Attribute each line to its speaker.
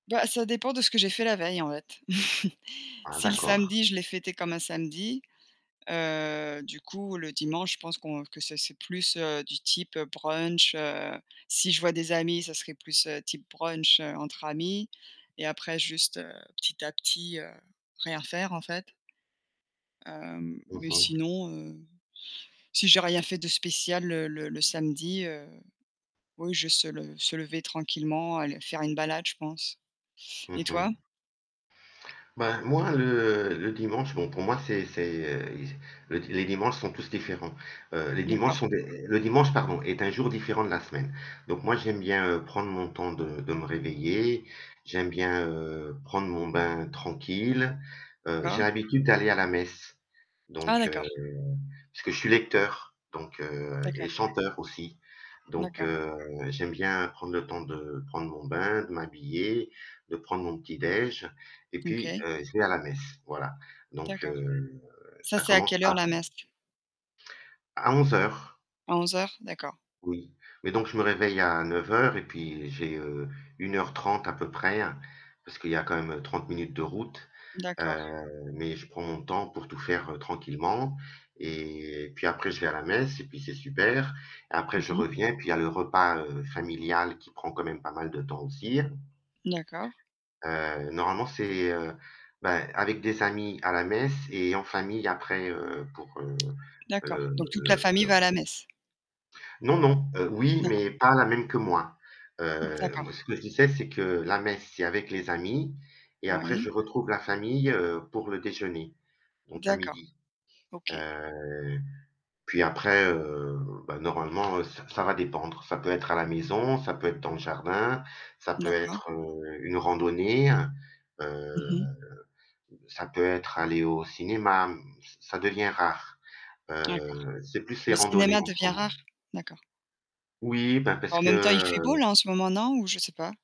Speaker 1: Bah, ça dépend de ce que j'ai fait la veille en fait.
Speaker 2: Ah,
Speaker 1: Si le
Speaker 2: d'accord.
Speaker 1: samedi, je l'ai fêté comme un samedi, heu, du coup le dimanche je pense qu'on que ça c'est plus du type brunch, heu, si je vois des amis, ça serait plus type brunch entre amis et après juste, heu, petit à petit, heu, rien faire en fait. Hem,
Speaker 2: Mmh
Speaker 1: mais
Speaker 2: mh.
Speaker 1: sinon, heu, si j'ai rien fait de spécial le le le samedi, heu, oui je se le se lever tranquillement, aller faire une balade je pense, et
Speaker 2: Mmh
Speaker 1: toi?
Speaker 2: mh. Ben moi le le dimanche bon pour moi c'est c'est, le les dimanches sont tous différents, heu, les dimanches
Speaker 1: D'accord.
Speaker 2: sont des le dimanche pardon est un jour différent de la semaine, donc moi j'aime bien, heu, prendre mon temps de de me réveiller, j'aime bien prendre mon bain tranquille, heu, j'ai
Speaker 1: D'accord.
Speaker 2: l'habitude d'aller à la messe,
Speaker 1: Ah,
Speaker 2: donc heu,
Speaker 1: d'accord.
Speaker 2: puisque je suis lecteur, donc heu, et
Speaker 1: D'accord.
Speaker 2: chanteur aussi, donc
Speaker 1: D'accord.
Speaker 2: heu, j'aime bien prendre le temps de prendre mon bain, de m'habiller, de prendre mon petit déj' et puis,
Speaker 1: OK.
Speaker 2: heu, je vais à la messe, voilà, donc
Speaker 1: D'accord.
Speaker 2: heu,
Speaker 1: Ça,
Speaker 2: ça
Speaker 1: c'est à
Speaker 2: commence
Speaker 1: quelle
Speaker 2: à
Speaker 1: heure la messe?
Speaker 2: à 11:00.
Speaker 1: À 11:00. D'accord.
Speaker 2: Oui, mais donc je me réveille à 9:00 et puis j'ai, heu, 1 heure, 30 à peu près, parce qu'il y a quand même 30 minutes de route,
Speaker 1: D'accord.
Speaker 2: heu, mais je prends mon temps pour tout faire, heu, tranquillement et puis après je vais à la messe et puis c'est super et après
Speaker 1: Mmh
Speaker 2: je
Speaker 1: mh.
Speaker 2: reviens, puis il y le repas familial, heu, qui prend quand même pas mal de temps aussi.
Speaker 1: D'accord.
Speaker 2: Heu, normalement, c'est, heu, ben, avec des amis à la messe et en famille après, heu, pour, heu
Speaker 1: D'accord,
Speaker 2: heu
Speaker 1: donc toute la famille
Speaker 2: heu
Speaker 1: va à la messe.
Speaker 2: Non, non. Heu, oui,
Speaker 1: D'accord.
Speaker 2: mais pas la même que moi.
Speaker 1: Mmh,
Speaker 2: Heu,
Speaker 1: d'accord.
Speaker 2: moi ce que je disais, c'est que la messe, c'est avec les amis et après
Speaker 1: Oui.
Speaker 2: je retrouve la famille, heu, pour le déjeuner, donc à
Speaker 1: D'accord.
Speaker 2: 12:00.
Speaker 1: OK.
Speaker 2: Heu, puis après, heu, bah, normalement, heu, ç ça va dépendre. Ça peut être à la maison, ça peut être dans le jardin, ça peut
Speaker 1: D'accord.
Speaker 2: être, heu, une randonnée,
Speaker 1: Mmh
Speaker 2: heu,
Speaker 1: mh.
Speaker 2: ça peut être aller au cinéma, mmh, devient rare.
Speaker 1: D'accord.
Speaker 2: Heu, c'est plus
Speaker 1: Le
Speaker 2: les randonnées
Speaker 1: cinéma
Speaker 2: en ce
Speaker 1: devient
Speaker 2: moment.
Speaker 1: rare? d'accord.
Speaker 2: Oui, ben,
Speaker 1: Bah,
Speaker 2: parce
Speaker 1: en même temps, fait beau
Speaker 2: que
Speaker 1: là en ce moment non ou je sais pas?